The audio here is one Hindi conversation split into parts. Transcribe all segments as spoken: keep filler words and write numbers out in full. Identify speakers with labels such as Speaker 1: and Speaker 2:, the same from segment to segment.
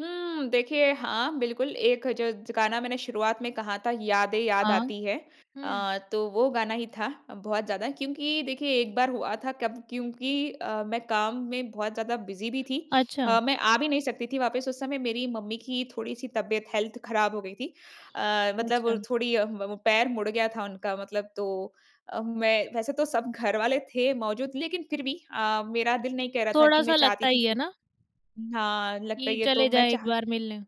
Speaker 1: हम्म देखिए, हाँ बिल्कुल, एक ज ज गाना मैंने शुरुआत में कहा था, "यादें याद
Speaker 2: हाँ।
Speaker 1: आती हैं।"
Speaker 2: हुँ।
Speaker 1: अ, तो वो गाना ही था, बहुत ज़्यादा क्योंकि देखिए, एक बार हुआ था कब क्योंकि अ, मैं काम में बहुत ज़्यादा बिज़ी भी थी।
Speaker 2: अच्छा।
Speaker 1: अ, मैं आ भी नहीं सकती थी वापस, उस समय मेरी मम्मी की थोड़ी-सी तबियत हेल्थ खराब हो गई थी। अ, मतलब
Speaker 2: अच्छा।
Speaker 1: थोड़ी अ, म वो पैर मुड़ गया था उनका मतलब तो अ, मैं वैसे तो सब घरवाले थे मौजूद। लेकिन फिर भी अ, मेरा दिल नहीं कह रहा था कि मैं
Speaker 2: थोड़ा-सा
Speaker 1: चाहती
Speaker 2: लगता
Speaker 1: थी
Speaker 2: ही है
Speaker 1: कि
Speaker 2: ना?
Speaker 1: हाँ, लगता
Speaker 2: कि
Speaker 1: ही है। तो
Speaker 2: चले
Speaker 1: मैं
Speaker 2: जाएँ एक
Speaker 1: चाह
Speaker 2: बार मिलने।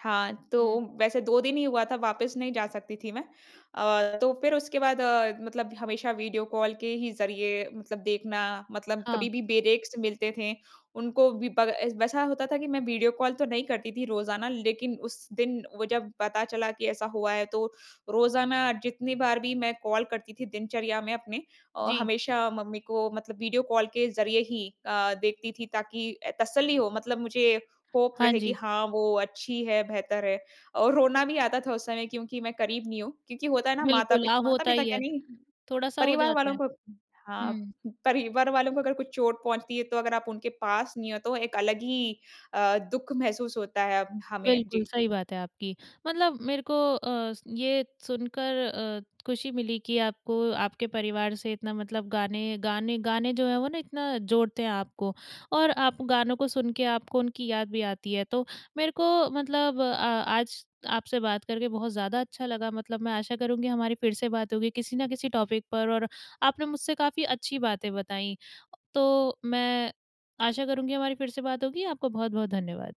Speaker 1: हाँ,
Speaker 2: हुँ।
Speaker 1: तो वैसे दो दिन ही हुआ था, वापस नहीं जा सकती थी मैं। अ, तो फिर उसके बाद अ, मतलब हमेशा वीडियो कॉल के ही ज़रिए मतलब देखना, मतलब
Speaker 2: हाँ।
Speaker 1: कभी भी बेरेक्स मिलते थे, उनको भी ब एस वैसा होता था कि मैं वीडियो कॉल तो नहीं करती थी रोज़ाना, लेकिन उस दिन वो जब पता चला कि ऐसा हुआ है तो, रोज़ाना जितनी बार भी मैं कॉल करती थी दिनचर्या में अपने औ
Speaker 2: जी।
Speaker 1: हमेशा मम्मी को मतलब वीडियो कॉल के ज़रिए ही अ, देखती थी ताकि अ, तसल्ली हो, मतलब मुझे होप
Speaker 2: हाँ
Speaker 1: रहे कि
Speaker 2: जी।
Speaker 1: हाँ वो अच्छी हैं, बेहतर हैं और रोना भी आता था उस समय, क्योंकि मैं करीब नहीं हूँ। क्योंकि होता है ना
Speaker 2: बिल्कुल।
Speaker 1: माता-पित
Speaker 2: हाँ होता
Speaker 1: माता-पिता
Speaker 2: ही
Speaker 1: क्या
Speaker 2: है।
Speaker 1: नहीं,
Speaker 2: थोड़ा-सा हो
Speaker 1: परिवार
Speaker 2: जाता
Speaker 1: वालों
Speaker 2: है।
Speaker 1: को हाँ,
Speaker 2: हुँ।
Speaker 1: परिवार वालों को अगर कुछ चोट पहुँचती है, तो अगर आप उनके पास नहीं हो तो, एक अलग ही अ, दुःख महसूस होता है अब हमें।
Speaker 2: बिल्कुल,
Speaker 1: जी।
Speaker 2: सही बात है आपकी। मतलब मेरे को अ, स ये सुनकर अ, खुशी मिली कि आपको, आपके परिवार से इतना मतलब गाने-गाने-गाने जो हैं वो ना, इतना जोड़ते हैं आपको। और आप गानों को सुन के, आपको उनकी याद भी आती है। तो मेरे को मतलब अ, आज आपसे बात करके बहुत ज़्यादा अच्छा लगा। मतलब मैं आशा करूँगी हमारी फिर से बात होगी, किसी ना किसी टॉपिक पर और आपने मुझसे काफ़ी अच्छी बातें बताईं। तो, मैं आशा करूँगी हमारी फिर से बात होगी, आपको बहुत-बहुत धन्यवाद।